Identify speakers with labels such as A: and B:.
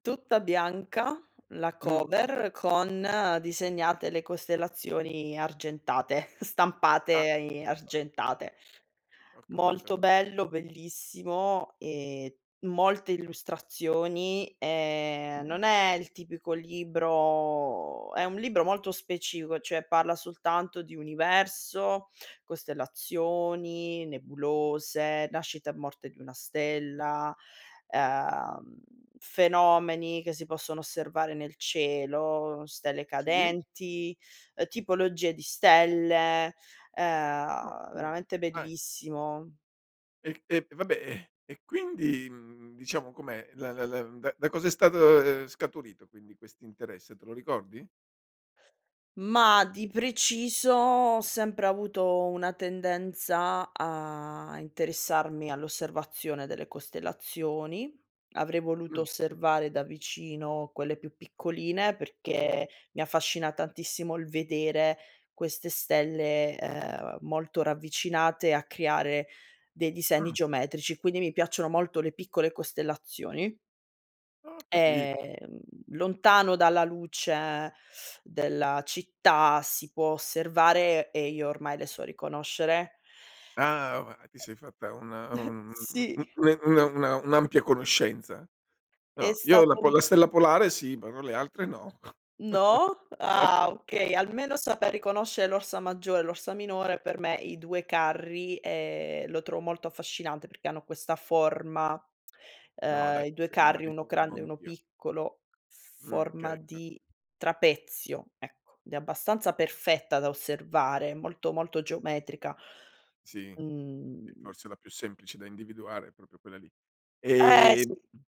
A: Tutta bianca, la
B: Mh.
A: cover, con disegnate le costellazioni argentate, stampate
B: Ah.
A: i
B: [unintelligible]
A: argentate.
B: Ho
A: Molto
B: capito.
A: bello, bellissimo e molte illustrazioni, ehm, non è il tipico libro è un libro molto specifico, cioè parla soltanto di universo, costellazioni,
B: Ah.
A: nebulose, nascita e morte di una stella, ehm, fenomeni che si possono osservare nel cielo, stelle
B: Sì.
A: cadenti, tipologie di stelle. Ehm, veramente
B: Okay
A: bellissimo.
B: E e vabbè, e e quindi, mhmm, diciamo com'è? La la la da da cosa è stato, ehm, scaturito quindi questo interesse? Te lo ricordi?
A: Mah, di preciso ho sempre avuto una tendenza a interessarmi all'osservazione delle costellazioni. Avrei voluto
B: Mh.
A: osservare da vicino quelle più piccoline, perché mi affascina tantissimo il vedere queste stelle, ehm, molto ravvicinate a creare dei disegni
B: Mh.
A: geometrici, quindi mi piacciono molto le piccole costellazioni.
B: Oh, capi
A: Ehm, lontano dalla luce della città, si può osservare, e io ormai le so riconoscere
B: Ah, ho va ti sei fatta una un mhmm,
A: Sì.
B: una una una un'ampia conoscenza.
A: È
B: No, io la
A: stato un
B: pola la stella polare sì, però le altre no.
A: No? Ah okay, almeno saper riconoscere l'Orsa Maggiore, l'Orsa Minore per me i 2 Carri, ehm, lo trovo molto affascinante, perché hanno questa forma,
B: No dai,
A: ehm i 2
B: fino a
A: Carri
B: lì ci
A: 1
B: arrivo
A: grande e 1
B: anch'io.
A: piccolo,
B: Mh,
A: forma
B: okay. [unintelligible]
A: di trapezio, ecco, ed è abbastanza perfetta da osservare, molto, molto geometrica.
B: Sì,
A: Mhmm
B: è forse la più semplice da individuare, proprio quella lì.
A: Eh, sì.
B: Ehm